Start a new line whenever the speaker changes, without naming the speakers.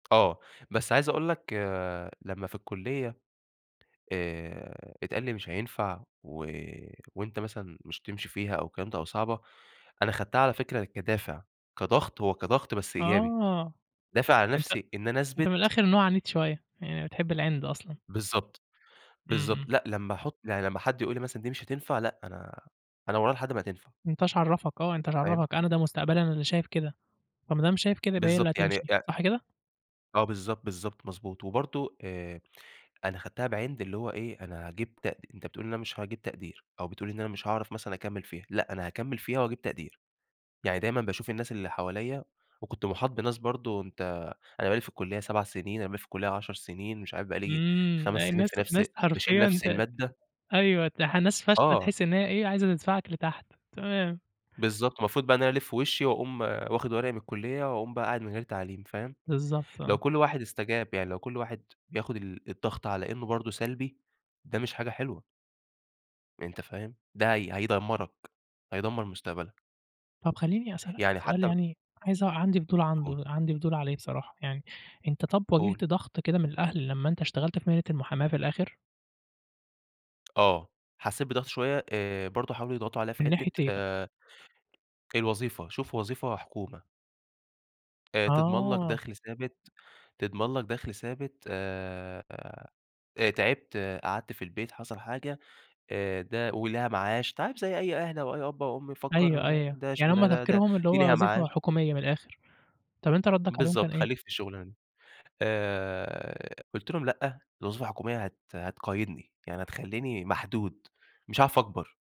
آه. بس عايز أقول لك لمّا في الكُلية آآ اتقال لي مش هينفع و وأنت مثلًا مش هتمشي فيها أو الكلام ده أو صعبة، أنا خدتها على فكرة كدافع، كضغط هو كضغط بس إيجابي.
آه.
دافع
أنت
لنفسي إن أنا
أنت من
أثبِت
الآخر نوع عنيد شوية، يعني بتحب العِند أصلًا.
بالضبط،
إمم،
بالضبط.
إمم.
لأ لمّا أحط يعني لمّا حد يقول لي مثلًا دي مش هتنفع، لأ أنا أنا وراها لحد ما هتنفع.
أنت ايش عرَّفك؟ آه أنت ايش
فاهم؟
عرَّفك، أنا ده مستقبلي، أنا اللي شايف كده. فما دام شايف كده يبقى هي اللي
بالضبط. يعني
هتمشي،
يع
صح كده؟
آه بالضبط، بالضبط، مضبوط. وبرضه آآ أنا خدتها بعِند اللي هو إيه أنا هاجيب تق أنت بتقول إن أنا مش هاجيب تقدير، أو بتقول إن أنا مش هاعرف مثلًا أكمِل فيها، لأ، أنا هاكمِل فيها وهاجيب تقدير. يعني دايمًا باشوف الناس اللي حواليَّ وكنت مُحاط بناس برضه أنت أنا بقى لي في الكُلية 7 سنين، أنا بقى لي في الكُلية 10 سنين، مش عارف بقى لي
إمم.
5
لأ
سنين
الناس
في نفس
ناس
باشيل
حرفيًا
نفس
ت
المادة.
أيوه تح ناس فاشلة
آه.
تحس إن هي إيه عايزة تدفعك لتحت، تمام.
بالضبط. المفروض بقى إن أنا ألِف وشي وأقوم واخد ورقي من الكُلية وأقوم بقى قاعد من غير تعليم، فاهم؟
بالضبط،
لو
آه.
كل واحد استجاب يعني لو كل واحد بياخد ال الضغط على إنه برضه سلبي، ده مش حاجة حلوة. أنت فاهم؟ ده هي هيدمرك، هيدمر مستقبلك.
طب خلّيني أسألك
يعني
سؤال
حتى ب
يعني عايز أع عندي فضول
قُل.
عنده عندي فضول عليه بصراحة يعني. أنت طب
قُل.
واجهت ضغط كده من الأهل لمّا أنت اشتغلت في مهنة المحاماة في الآخر؟
آه. حسيت بضغط شوية، آآ برضه حاولوا يضغطوا عليَّ في
من ناحية
حتة
إيه بقى؟
آآ الوظيفة، شوف وظيفة حكومة. آآ تضمن لك
آه.
دَخل ثابت، تضمن لك دَخل ثابت آآ آآ تعبت، قعدت في البيت، حصل حاجة، آآ ده وليها معاش، أنت عارف زي أي أهل أو أي أب أو أم
أيوه،
يفكر
أيوه.
ده
يعني هُم
شغلانة د ده
تفكيرهم اللي
دي
هو
ليها
وظيفة
معاش
حكومية من الآخر. طب أنت ردك عليهم كان
بالضبط،
إيه؟
خلّيك في الشغلانة دي. آآ قُلت لهم :"لأ، الوظيفة الحكومية هت هتقيدني، يعني هتخلّيني محدود، مش هاعرف أكبر."